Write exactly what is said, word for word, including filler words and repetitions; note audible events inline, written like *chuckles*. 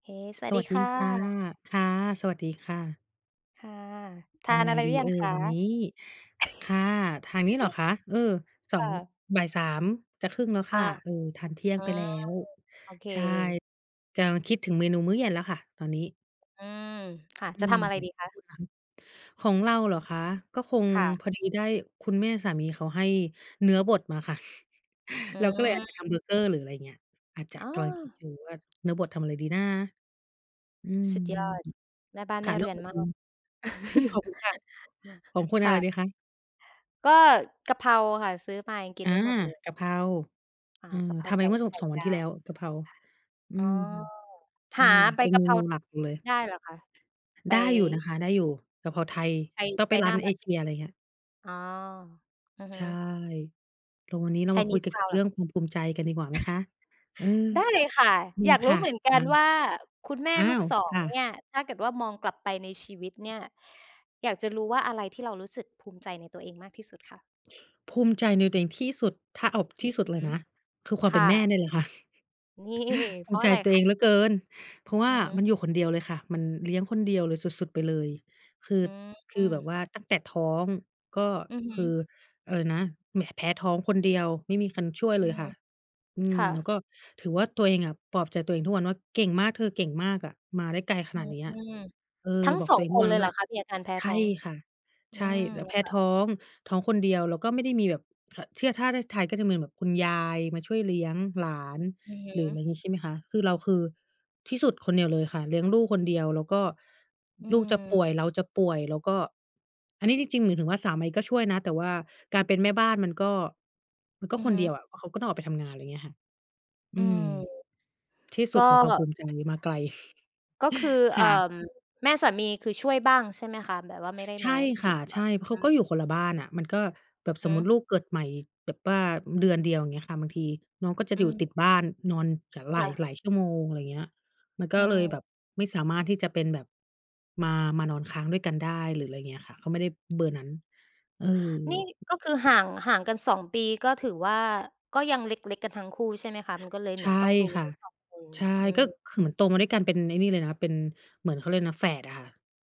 เค สวสัสวดีัสดคี่ค่ะ ะ ค่ะ สวัสดีค่ะ ค่ะ ทยาังนไงอะไรหรดืี อยัเองคอ ะ? วันนี้? ค่ะ ทางนี้เหรอ*chuckles* คะ? เออ สคอ่ง ะ บ่าย สาม จะครึ่งแล้วอคา ่ะ เออ ทานเที่ยอง๋อ ไปแล้ว โอเค ใช่ กำลังคิดถึงเมนูมื้อเย็นแล้วค่ะตอนนี้ อือ ค่ะ อืจะทม ำอะไรดีขคองะ? คุณละคะ? ของเราเหรอคะ ก็คง ค่ะ พอดีได้คุณแม่สามีเขาให้เนื้อบดมาค่ะ อื*chuckles* เราก็เลยอาจจะทม ำเบอร์เกอร์ หรืออะไรเงี้ย อาจจะอ๋กำลังคิดอ อยู่ว่าเนื้อบดทำอะไรดีนะ อืม สุดยอด แม่บ้านคแม่ะ ่แล้เรืวอขนองมคาุณ ก *chuckles* ขอบคุณค่ะ *laughs* ของคุณคอะ่ไระ ดีคะ? ก็กะเพราค่ะ ซื้อมายังกิอนา ไม่หมดเลย กะเพรา อ่า เออ กระเพรทาำไปไก่เมื่อ สอไง ข่สอง วัดนที่าแล้ว ว กะเพรา อือ๋อ ม ใชห่ าใบเป็นกเะมเพรา นูหลักเราเลย ได้เหรอคะ? ไป ได้อยู่นะคะ ได้อยู่ กะเพราไทยไป ต้องไปร้China านเอเชMarket ีย หรออ ะไรเงี้ย อ๋อ อือฮใช่ ึ แต่วันนี้เรามาคุยเกChinese ี่ยวกับtown เเหรืร่อ? องความภูมิใจกันดีกว่าไหมคะ? เออ *chuckles* ได้เลยค่ะ มีอยากรคู้่ะ เหมือนกอันา ว่า คุณแมอ่้าลูก ว! สอง ค่เะ นี่ย ถ้าเกิดว่ามองกลับไปในชีวิตเนี่ย อยากจะรู้ว่า อะไรที่เรารู้สึกภูมิใจในตัวเองมากที่สุดคะ? ภูมิใจในตัวเองที่สุด ถ้าเอาอทืี่สุดเอลฮยึ นะ คือความคเป่็นแม่ะ เนี่ยแหละค่ะ นี่ *chuckles* ภเูพรมาิะใอจะไรตัวคเอะ? งเหลือเกิน เพราะว่าอือฮึ มันอยู่คนเดียวเลยค่ะ มันเลี้ยงคนเดียวเลย สุด ๆ ไปเลย คือ อคือืแบม บว่า ตั้งแต่ท้อง ก็อือฮคึ ือ อะไรนะ แหม แพ้ท้องคนเดียว ไม่มีคันช่วยอืเลยม ค่ะ อืคม ่แล้วะ ก็ถือว่าตัวเองอะ ปลอบใจตัวเองทุกวันว่า "เก่งมากเธอ เก่งมากอะ มาได้ไกลขอืนาดนี้อะ" ม เอทอ ั้ง บอสกอตัวง เองคทุกนวัเลนยวเห่รา อคะ มีอาการแพ้ใชท้่อง? ค่ะ อใืช่ ม แล้วแพ*unintelligible* ้ค่ะ ท้อง ท้องคนเดียว แล้วก็ไม่ได้มีแบบ ท เชื่อถ้าที่ไทยก็จะมีแบบคุณยายมาช่วยเลี้ยงหลาน อือฮึ หรืออะไรอย่างงี้ใช่ไหมคะ? คือเราคือที่สุดคนเดียวเลยค่ะ เลี้ยงลูกคนเดียว แล้วก็อืลูกจะป่ม วยเราจะป่วย เราก็ อันนี้จริง ๆ หมายถึงว่าสามีก็ช่วยนะ แต่ว่าการเป็นแม่บ้านมันก็ มันก็อือคฮนเดียึ วอะ เพราะเขาก็ต้องออกไปทำงาน ไรเงี้ยค่ะ ออืืม ม ที่สกุ็ ดของความภูมิใจมาไกล ก็คือ *chuckles* เอค่อ ่ะ แม่สามีคือช่วยบ้างใช่ไหมคะ? แบบว่าไม่ได้ใชมา่อคยู่ ่ะ บ ใช่ เขอืากม ็อยู่คนละบ้านอะ มันก็แบบสมมุติหือ ลูกเกิดใหม่แบบว่าเดือนเดียว เงี้ยค่ะ บางทีน้องก็จะออยู่ืม ติดบ้านนอน ถ คหลา่ย ะ หลายชั่วโมง อะไรเงี้ย มันกอ็ืเลยแบม บไม่สามารถที่จะเป็นแบบ มา มานอนค้างด้วยกันได้ หรืออะไรเงี้ยค่ะ เขาไม่ได้เบอร์นั้น เออ นี่ก็คือห่าง ห่างกัน สอง ปี ก็ถือว่า ก็ยังเล็ก ๆ กันทั้งคู่ใช่ไหมคะ? มันก็เลยเใชหมือ่นต้องดูค่ะ ทั้ง สอง คน ใช่ อืก็ม คือเหมือนโตมาด้วยกันเป็นไอ้นี่เลยนะ เป็น เหมือนเขาเรียกอะไรนะ แฝดอะค่ะ